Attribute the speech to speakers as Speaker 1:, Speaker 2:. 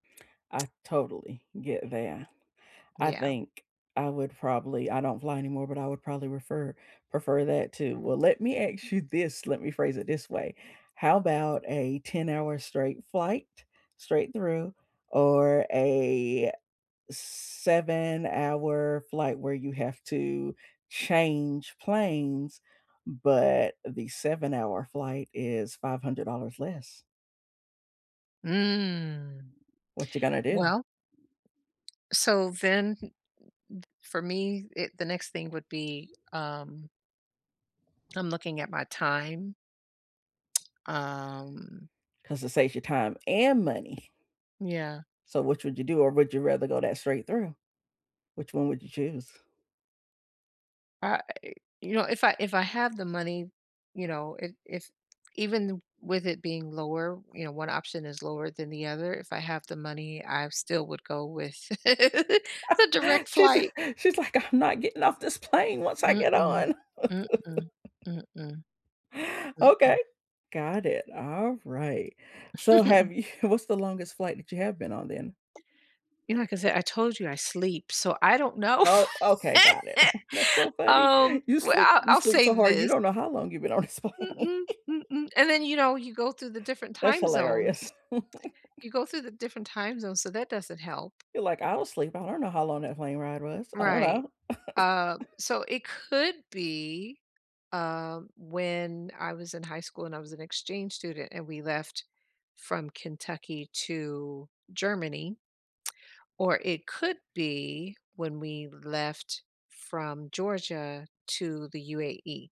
Speaker 1: I totally get that. I
Speaker 2: Yeah.
Speaker 1: think I would probably I don't fly anymore, but I would probably refer prefer that too. Well, let me ask you this, let me phrase it this way: how 'bout a ten-hour-straight flight, straight through, or a seven-hour flight where you have to change planes, but the seven-hour flight is $500 less.
Speaker 2: Mm.
Speaker 1: What you gonna do?
Speaker 2: Well So then, for me e the next thing would be, um I'm looking at my time. Um
Speaker 1: 'Cause it saves you time and money.
Speaker 2: Yeah.
Speaker 1: So, which would you do, or would you rather go that straight through? Which one would you choose?
Speaker 2: Uh, you know, if I if I have the money, you know, if if even with it being lower, you know, one option is lower than the other, if I have the money, I still would go with the direct
Speaker 1: She's
Speaker 2: flight.
Speaker 1: she's like, "I'm not getting off this plane once I get
Speaker 2: Mm-mm,
Speaker 1: on."
Speaker 2: mm-mm, mm-mm.
Speaker 1: Okay,
Speaker 2: Mm-mm.
Speaker 1: got it, all right. So have you what's the longest flight that you have been on then?
Speaker 2: You know, like I said, I told you I sleep, so I don't know.
Speaker 1: Oh, okay, got it. That's so funny.
Speaker 2: Um,
Speaker 1: You
Speaker 2: well,
Speaker 1: sleep
Speaker 2: I
Speaker 1: you
Speaker 2: I'll
Speaker 1: sleep
Speaker 2: say
Speaker 1: so hard, you
Speaker 2: this
Speaker 1: don't know how long you've been on this plane.
Speaker 2: Mm-mm, mm-mm, and then, you know, you go through the different
Speaker 1: That's
Speaker 2: time
Speaker 1: hilarious.
Speaker 2: zones. You go through the different time zones, so that doesn't help.
Speaker 1: You're like, "I'm asleep, I don't know how long that plane ride was, I don't
Speaker 2: Right,
Speaker 1: know."
Speaker 2: uh, so it could be, uh, when I was in high school and I was an exchange student and we left from Kentucky to Germany or it could be when we left from Georgia to the UAE.